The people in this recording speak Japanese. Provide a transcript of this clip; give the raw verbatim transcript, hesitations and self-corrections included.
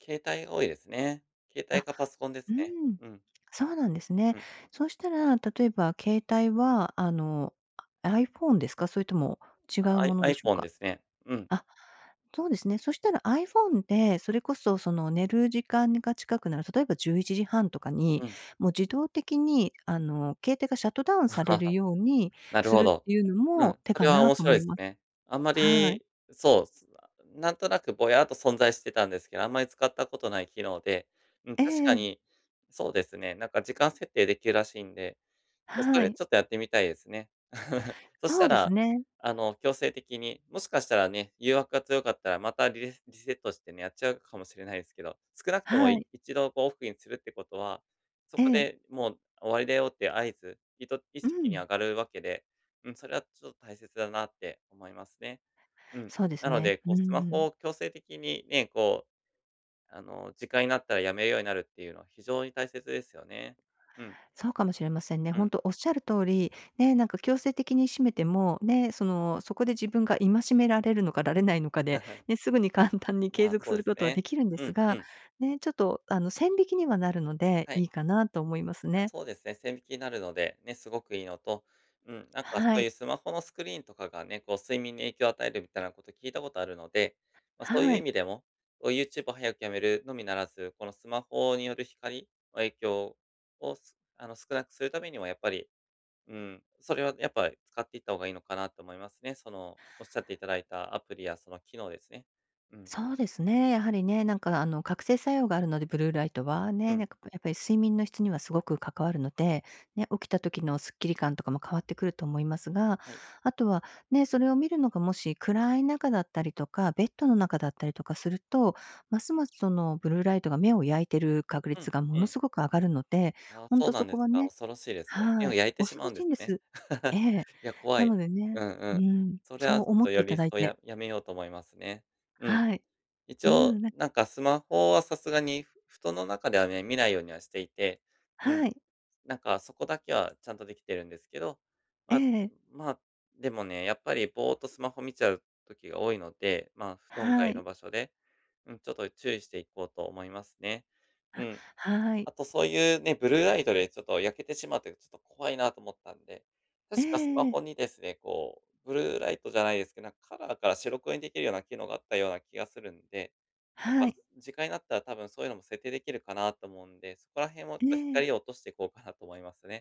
携帯が多いですね。携帯あ、か、パソコンでうすーね、ん。うん。そうなんですうね。ん。そしたら、例えば、携帯は、あの、あ、iPhone ですか？それとも違う i ものでしょう iPhone でか？すね。うん。あ、そうですね。そしたら、iPhone で、それこそ、その寝る時間にが近くなる、例えば、じゅういちじはんとかうに、ん。もう自動的に、あの、携帯がシャットダウンされる ようになるすほるっど。ていうのうん、も手そかれはな？面と白思いいすまね。あんまはい。り、そう、す なんとなく、ぼやっと存在してたんですけど、あんまり使った事ない機能で、うん。え確かえ。に、そうですね。なんか、時間設定出来らしんで、どそはれい。ちょっとやってみたいですね。そしそたうですら、ね。あの、強制的に、もしかしたらね、誘惑が強かったら、またリレリセットしてね、やっちゃうかもしれないですけど。少なくとも、はいい。一度、こう、オフにするって事は、そえこえ。でもう終わりだよっていう合図、いと意う識にん。上がるわけで、うん、それは、ちょっと大切だなって思いますね。うん。そうですなのね。で、うこう、んスうマん。ホを強制的にね、こう、あの、時間になったら、辞めるようになるっていうのは非常に大切ですよね。うん。そうかもしれませんね。うほんん。とおっしゃる通り、ね。なんか強制的に閉めても、ね。その、そこで自分が戒められるのかられないのかで、ね。すぐに簡単に継まあ、続そうすでるす事は出ね。来るんでうすんうが、ん。ね、ちょっと、あの、線引きにはなるので、はい。いいかなと思いますあ、ね。そうですね、線引きになるので、ね、凄くいいのと、うん。なんか、そはういい。うスマホのスクリーンとかがね。こう、睡眠に影響を与えるみたいな事、聞いた事あるので、まあ、そういうは意い。味でも、こう、YouTube を早く止めるのみならず、このスマホによる光の影響をすあの、少なくする為には、やっぱり、うーん、それは、やっぱ使っていった方がいいのかな？と思いますね。その、おっしゃって頂いた、アプリやその機能ですね。うん。そうですね、やはりね。なんか、あの、覚醒作用があるので、ブルーライトは、うね。なん。んか、やっぱり睡眠の質には凄く関わるので、ね。起きた時のすっきり感とかも変わってくると思いますが、はい。あとは、ね、それを見るのが、もし、暗い中だったりとか、ベッドの中だったりとかすると、ますます、そのブルーライトが目を焼いてる確うん、率が、もうのん。凄く上がるので、ああ、ほんそうとなそんでこすはか。ね恐ろしいですね。目はをい。焼いてし恐まうろんしでいすんでね。す。え え。いや、怖ない。のでうね、んううん。ん。それそはちうょっ思と、ってよび一頂い層て。ややめようと思いますね。うん。はい。一う応、ん、なんなんかスマホは、さすがにふ布団の中ではね、見ないようにはしていて、うん。はい。なんか、そこだけはちゃんと出来てるんですけど、えま、え。まあ、でもね。やっぱり、ぼーっと、スマホ見ちゃう時が多いので、まあ、布団は外のい。場所で、うん、ちょっと注意していこうと思いますね。うあ、ん。はい。あと、そういうね、ブルーライトで、ちょっと焼けてしまって、ちょっと怖いなと思ったんで、え確かスマえええ。ホにですね、こう、ブルーライトじゃないですけど、なんか、カラーから白黒に出来るような機能があったような気がするんで、やっはぱい。時間になったら、多分、そういうのも設定出来るかなと思うんで、そこら辺を、えとえ。光を落としていこうかなと思いますね。